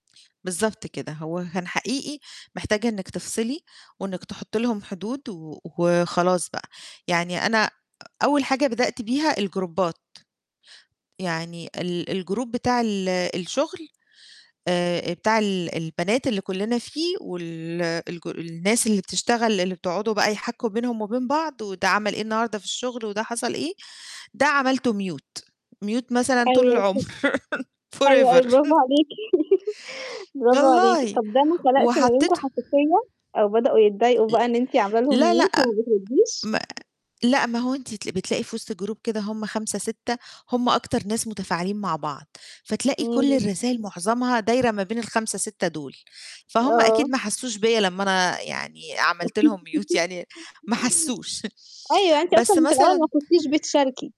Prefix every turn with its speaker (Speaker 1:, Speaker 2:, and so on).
Speaker 1: بالضبط كده. هو كان حقيقي محتاجة إنِّك تِفصِلي وإنِّك تحطي لهم حدود و وخلاص بقى، يعني أنا أ أول حاجة بدأت بيها الجروبات، يعني ال الgroup بتاع ال الشغل آآ بتاع ال البنات اللي كُلّنا فيه وال الج الناس اللي بتشتغل اللي بتقعدوا بقى يحّكوا بينهم وبين بعض وده عمل إيه النهارده في الشغل وده حصَل إيه، ده عملته mute ،mute مثلًا طول
Speaker 2: أيوه
Speaker 1: العمر،
Speaker 2: [unintelligible] حلو أوي،
Speaker 1: forever
Speaker 2: برافو عليكِ، برافو عليكِ.
Speaker 1: والله،
Speaker 2: طَب ده ما خلقش ما بينكم
Speaker 1: وحطيت
Speaker 2: حساسية أو بدأوا يتضايقوا
Speaker 1: ال
Speaker 2: بقى إن أنتِ عاملة لهم
Speaker 1: لأ لأ
Speaker 2: mute وما بترديش؟
Speaker 1: ما لأ ما هو أنتِ تلا بتلاقي في وِسْط الgroup كده هما 5-6 هُم أكتر ناس متفاعلين مع بعض، فتلاقي كل
Speaker 2: إمم.
Speaker 1: الرسائل معظمها دايرة ما بين ال5-6 دُول، فهُم أكيد
Speaker 2: آه.
Speaker 1: ما حسوش بيَّ لمّا أنا يعني عملت لهم mute يعني ما حسوش،
Speaker 2: .أيوه، أنتِ
Speaker 1: بس
Speaker 2: أصلًا في الأول ما
Speaker 1: مثلًا
Speaker 2: كنتيش بتشاركي.